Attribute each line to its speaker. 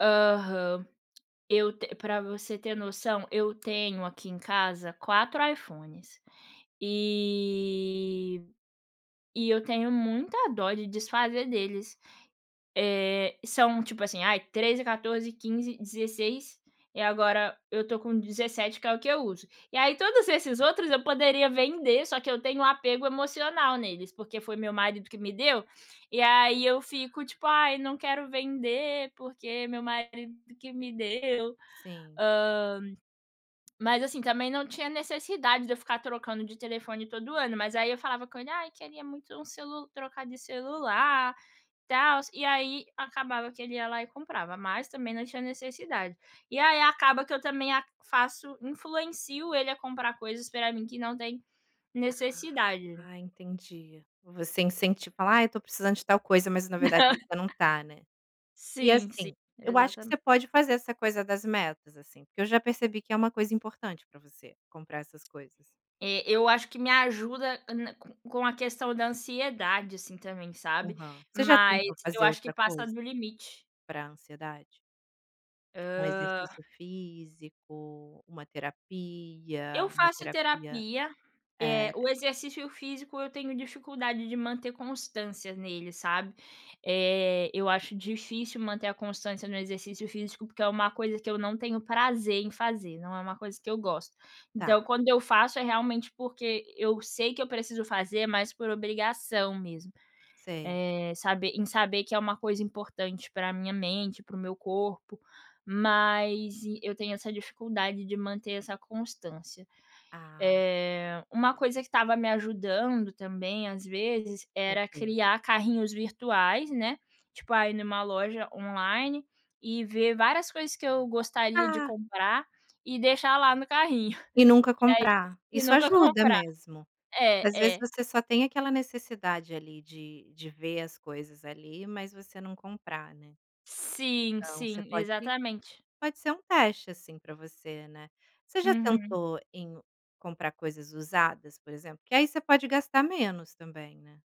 Speaker 1: Aham. Eu te pra você ter noção, eu tenho aqui em casa 4 iPhones e e eu tenho muita dó de desfazer deles, eh, são tipo assim ai 13, 14, 15, 16, e agora eu estou com 17 que é o que eu uso. E aí todos esses outros eu
Speaker 2: [unintelligible]
Speaker 1: poderia vender só que eu tenho apego emocional neles, porque foi meu marido que me deu, e aí eu fico tipo: "ai não quero vender porque meu marido que me deu".
Speaker 2: Sim.
Speaker 1: Hã, mas assim também não tinha necessidade de eu ficar trocando de telefone todo ano, mas aí eu falava com ele: "ai queria muito um celu trocar de celular, tals" e aí acabava que ele ia lá e comprava, mas também não tinha necessidade. E aí acaba que eu também a faço, influencio ele a comprar coisas pra mim que não tem necessidade.
Speaker 2: Ah, entendi. Você incentiva, fala: "Ai eu estou precisando de tal coisa", mas na verdade você não tá, né. E
Speaker 1: Sim, sim,
Speaker 2: assim, eu acho que você
Speaker 1: exatamente.
Speaker 2: pode fazer essa coisa das metas, assim, porque eu já percebi que é uma coisa importante para você, comprar essas coisas.
Speaker 1: É, eu acho que me ajuda ana com a questão da ansiedade assim também, sabe,
Speaker 2: Aham. Você já
Speaker 1: mas
Speaker 2: tentou
Speaker 1: eu
Speaker 2: fazer
Speaker 1: acho que
Speaker 2: outra
Speaker 1: passa
Speaker 2: coisa
Speaker 1: do limite.
Speaker 2: para ansiedade tipo um
Speaker 1: Hã.
Speaker 2: exercício físico, uma terapia,
Speaker 1: Eu
Speaker 2: uma
Speaker 1: faço
Speaker 2: terapia,
Speaker 1: terapia, eh,
Speaker 2: eh
Speaker 1: o exercício físico eu tenho dificuldade de manter constância nele, sabe. Eh, eu acho difícil manter a constância no exercício físico, porque é uma coisa que eu não tenho prazer em fazer, não é uma coisa eu gosto. Então
Speaker 2: Tá.
Speaker 1: quando eu faço é realmente, porque eu sei que eu preciso fazer, mas por obrigação mesmo.
Speaker 2: Sei.
Speaker 1: Eh, saber em saber que é uma coisa importante pra minha mente, para o meu corpo, mas eu tenho essa dificuldade de manter essa constância.
Speaker 2: Ah.
Speaker 1: Eh, uma coisa que estava me ajudando também às vezes era
Speaker 2: [unintelligible]
Speaker 1: criar carrinhos virtuais, né, tipo ah, ir em uma loja online e ver várias coisas que eu gostaria de
Speaker 2: Ah.
Speaker 1: comprar e deixar lá no carrinho.
Speaker 2: E nunca
Speaker 1: E aí
Speaker 2: comprar,
Speaker 1: e
Speaker 2: isso
Speaker 1: nunca
Speaker 2: ajuda
Speaker 1: comprar.
Speaker 2: mesmo. Às
Speaker 1: É
Speaker 2: vezes
Speaker 1: é.
Speaker 2: você só tem aquela necessidade ali de de ver as coisas ali, mas você não comprar, né.
Speaker 1: Sim,
Speaker 2: Então você
Speaker 1: sim,
Speaker 2: pode,
Speaker 1: exatamente.
Speaker 2: pode ser um teste assim pra você, né. Você já
Speaker 1: Uhum.
Speaker 2: tentou em comprar coisas usadas por exemplo? Porque aí você pode gastar menos também, né.